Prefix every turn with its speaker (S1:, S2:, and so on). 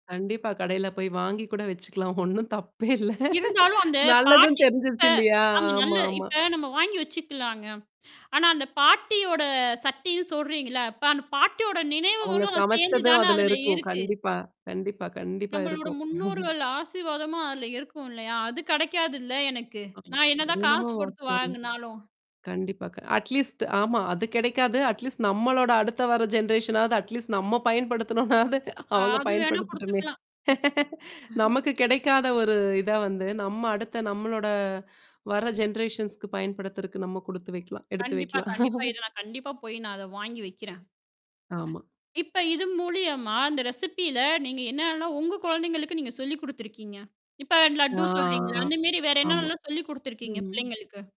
S1: கண்டிப்பா, கடையில போய் வாங்கி கூட வச்சுக்கலாம். ஒண்ணும் தப்பே இல்ல.
S2: இருந்தாலும் அந்த
S1: நல்லதன்னு
S2: பாட்டி இப்ப
S1: தெரிஞ்சிருச்சு இல்லையா?
S2: ஆமா. நல்ல
S1: ஆமாமா.
S2: இப்ப நம்ம வாங்கி வச்சுக்கலாங்க. ஆனா அந்த பாட்டியோட சட்டின்னு சொல்றீங்கல? இப்ப அந்த பாட்டியோட
S1: அவங்க
S2: நினைவுகளும் சேர்ந்து
S1: சமைச்சதும்
S2: தானே
S1: அதுல
S2: அதுல
S1: இருக்கும்.
S2: இருக்கு.
S1: கண்டிப்பா கண்டிப்பா கண்டிப்பா
S2: நம்மளோட
S1: இருக்கும்.
S2: முன்னோர்கள் ஆசீர்வாதமு அதுல இருக்கும் இல்லையா? அது கிடைக்காதுல்ல எனக்கு?
S1: ம்.
S2: நான்
S1: அது
S2: என்னதான்
S1: என்னமோ
S2: காசு குடுத்து
S1: வாஸ்தவம்தான்.
S2: வாங்குனாலும்.
S1: கண்டிப்பா அட்லீஸ்ட் ஆமா. அது கிடைக்காது. அட்லீஸ்ட் நம்மளோட அடுத்த வர அட்லீஸ்ட் நம்ம பயன்படுத்தணும்னாவது அவங்க
S2: அது வேணா
S1: பயன்படுத்துட்டுமே.
S2: குடுத்துக்கலாம். ம்.
S1: நமக்கு கிடைக்காத ஒரு இத வந்து நம்ம அடுத்த நம்மளோட வர ஜெனரேஷன்ஸ்க்கு பயன்படுத்துறக்கு நம்ம குடுத்து வைக்கலாம், எடுத்து
S2: கண்டிப்பா,
S1: வைக்கலாம்.
S2: கண்டிப்பா. இத நான் கண்டிப்பா போய் நான் அத வாங்கி வைக்கிறேன்.
S1: ஆமா.
S2: இப்ப இது மூலியமா அந்த ரெசிபில நீங்க என்னலாம் உங்க குழந்தைங்களுக்கு நீங்க சொல்லி குடுத்துருக்கீங்க? இப்ப
S1: ஆ.
S2: லட்டு சொல்றீங்கள? அந்தமரி வேற
S1: ஆமா.
S2: என்னலாம் சொல்லிக் குடுத்துருக்கீங்க
S1: ம்.
S2: பிள்ளைங்களுக்கு?